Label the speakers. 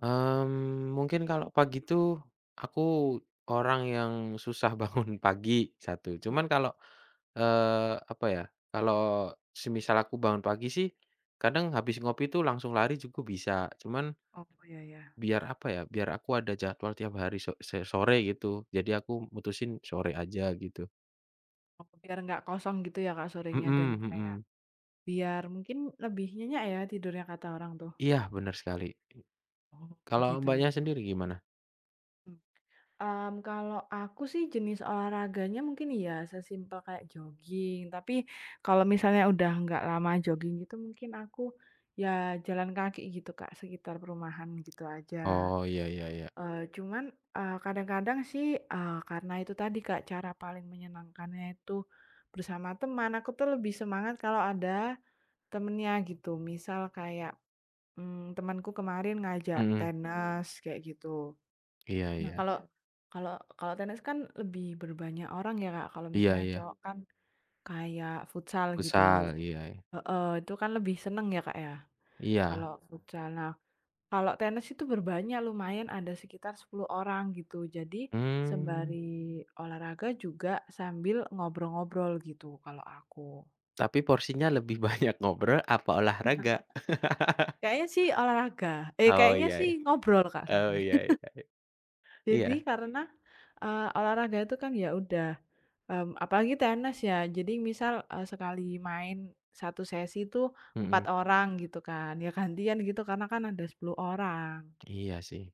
Speaker 1: Mmm, mungkin kalau pagi tuh, aku orang yang susah bangun pagi, satu. Cuman
Speaker 2: Mhm.
Speaker 1: kalau, eee, apa ya, kalau semisal aku bangun pagi sih kadang habis ngopi tuh langsung lari juga bisa. Cuman
Speaker 2: Oh, iya ya.
Speaker 1: biar apa ya, biar aku ada jadwal tiap hari so se sore gitu. Jadi aku mutusin sore aja gitu.
Speaker 2: Oh biar nggak kosong gitu ya Kak, sorenya dan
Speaker 1: Mhm
Speaker 2: kayak
Speaker 1: mhm.
Speaker 2: biar mungkin lebih nyenyak ya tidurnya kata orang tuh.
Speaker 1: Iya benar sekali, di
Speaker 2: Oh
Speaker 1: kalau
Speaker 2: gitu
Speaker 1: Mbaknya
Speaker 2: gitu.
Speaker 1: sendiri gimana?
Speaker 2: Mmm. Mmm, kalau aku sih jenis olahraganya mungkin ya sesimpel kayak jogging. Tapi kalau misalnya udah nggak lama jogging gitu mungkin aku, ya jalan kaki kayak gitu Kak, sekitar perumahan gitu aja.
Speaker 1: Oh iya, ya ya.
Speaker 2: Eee, cuman, eee, kadang-kadang sih, eee, karena itu tadi Kak cara paling menyenangkannya itu bersama teman. Aku tuh lebih semangat kalau ada temennya gitu. Misal kayak, mmm, temenku kemarin ngajak
Speaker 1: Mhm.
Speaker 2: tenis kayak gitu.
Speaker 1: Iya
Speaker 2: Nah,
Speaker 1: iya.
Speaker 2: kalau, kalau, kalau tenis kan lebih berbanyak orang ya Kak. Kalau
Speaker 1: Iya
Speaker 2: misalnya
Speaker 1: iya.
Speaker 2: cowok kan kayak futsal gitu
Speaker 1: Futsal, iy e
Speaker 2: heeh, itu kan lebih senang ya Kak ya
Speaker 1: Iya.
Speaker 2: kalau futsal, nah. Kalau tenis itu berbanyak lumayan ada sekitar 10 orang gitu. Jadi
Speaker 1: Mmm.
Speaker 2: sembari olahraga juga sambil ngobrol-ngobrol gitu kalau aku.
Speaker 1: Tapi porsinya lebih banyak ngobrol apa olahraga?
Speaker 2: Kayaknya sih olahraga eh,
Speaker 1: Oh
Speaker 2: kayaknya
Speaker 1: iya,
Speaker 2: sih
Speaker 1: e
Speaker 2: ngobrol Kak,
Speaker 1: oh
Speaker 2: sorry.
Speaker 1: iya e ya e
Speaker 2: Jadi
Speaker 1: iya.
Speaker 2: karena, eee, olahraga itu kan ya udah, mmm, apalagi tenis ya. Jadi misal, eee, sekali main, 1 sesi itu 4
Speaker 1: Mhm.
Speaker 2: orang gitu kan. Ya gantian gitu karena kan ada 10 orang.
Speaker 1: Iya sih.